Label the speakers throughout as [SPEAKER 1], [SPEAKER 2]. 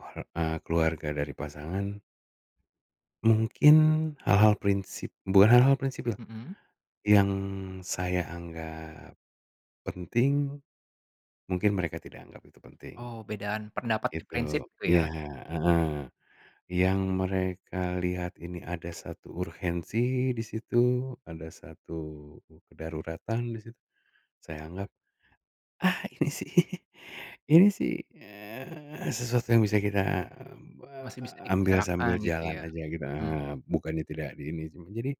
[SPEAKER 1] Oh, eee, keluarga dari pasangan mungkin hal-hal prinsip bukan hal-hal prinsip,
[SPEAKER 2] Mhm.
[SPEAKER 1] yang saya anggap, penting, mungkin mereka tidak anggap itu penting.
[SPEAKER 2] Oh bedaan pendapat dan
[SPEAKER 1] Gitu
[SPEAKER 2] prinsip itu
[SPEAKER 1] iya,
[SPEAKER 2] ya?
[SPEAKER 1] heeh, yang mereka lihat ini ada 1 urgensi di situ ada 1 kedaruratan di situ, saya anggap, ah, ini sih, ini sih, eee, sesuatu yang bisa kita, eee,
[SPEAKER 2] Masih bisa
[SPEAKER 1] ambil
[SPEAKER 2] dibicarakan
[SPEAKER 1] sambil jalan
[SPEAKER 2] gitu ya,
[SPEAKER 1] aja gitu
[SPEAKER 2] mhm.
[SPEAKER 1] bukannya tidak di ini sih jadi,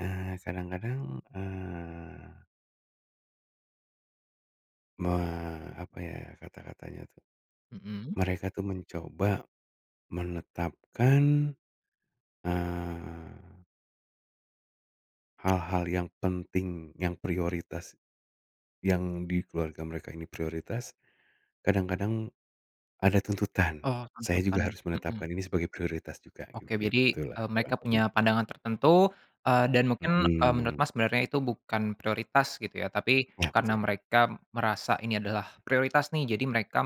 [SPEAKER 1] eee, kadang-kadang, eee. Me apa ya kata-katanya tuh.
[SPEAKER 2] Mhm.
[SPEAKER 1] Mereka tuh mencoba, menetapkan, eee. Hal-hal yang penting, yang prioritas, yang di keluarga mereka ini prioritas, kadang-kadang, ada tuntutan,
[SPEAKER 2] Oh
[SPEAKER 1] saya juga
[SPEAKER 2] tentukan,
[SPEAKER 1] harus
[SPEAKER 2] mhm.
[SPEAKER 1] menetapkan ini sebagai prioritas juga
[SPEAKER 2] Oke jadi,
[SPEAKER 1] begitulah
[SPEAKER 2] eee,
[SPEAKER 1] kurang
[SPEAKER 2] mereka
[SPEAKER 1] lebihnya.
[SPEAKER 2] punya pandangan tertentu, eee, dan mungkin, eee, menurut
[SPEAKER 1] Mhm.
[SPEAKER 2] Mas sebenarnya itu bukan prioritas gitu ya tapi
[SPEAKER 1] Nah
[SPEAKER 2] karena
[SPEAKER 1] tuh.
[SPEAKER 2] mereka merasa ini adalah prioritas nih jadi mereka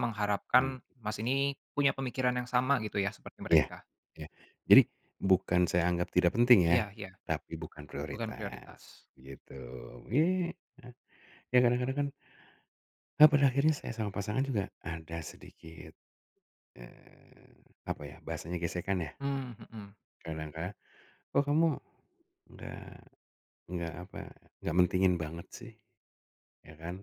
[SPEAKER 1] Mmm.
[SPEAKER 2] mengharapkan Mas ini punya pemikiran yang sama gitu ya seperti
[SPEAKER 1] Iya
[SPEAKER 2] mereka.
[SPEAKER 1] iya jadi bukan saya anggap tidak penting ya,
[SPEAKER 2] Iya iya,
[SPEAKER 1] tapi bukan
[SPEAKER 2] bukan
[SPEAKER 1] prioritas,
[SPEAKER 2] prioritas.
[SPEAKER 1] begitu ya nah, ya kadang-kadang kan, eee, Ya pada akhirnya saya sama pasangan juga ada sedikit, eee, apa ya bahasanya gesekan ya?
[SPEAKER 2] Mmm, mhm.
[SPEAKER 1] Kadang ka kok kamu, nggak nggak apa nggak mentingin banget sih, ya kan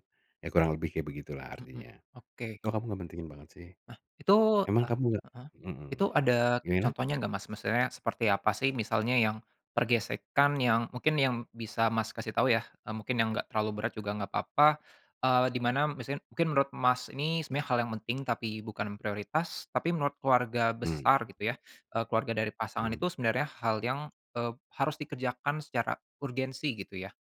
[SPEAKER 1] ya kurang lebih kayak begitulah
[SPEAKER 2] Mhm,
[SPEAKER 1] artinya,
[SPEAKER 2] oke.
[SPEAKER 1] kok kamu gak mentingin banget sih?
[SPEAKER 2] Nah itu,
[SPEAKER 1] Emang
[SPEAKER 2] ah,
[SPEAKER 1] kamu gak?
[SPEAKER 2] heeh, itu
[SPEAKER 1] Mhm,
[SPEAKER 2] ada
[SPEAKER 1] gimana?
[SPEAKER 2] contohnya nggak, Mas? Maksudnya seperti apa sih misalnya yang, pergesekan yang mungkin yang bisa Mas kasih tahu ya, eee, mungkin yang gak terlalu berat juga gak apa-apa, eee, di mana misalnya mungkin menurut Mas ini sebenarnya hal yang penting tapi bukan prioritas tapi menurut keluarga
[SPEAKER 1] Mmm.
[SPEAKER 2] besar gitu ya, eee, keluarga dari pasangan itu
[SPEAKER 1] Mmm.
[SPEAKER 2] sebenarnya hal yang, eee, harus dikerjakan secara urgensi gitu ya.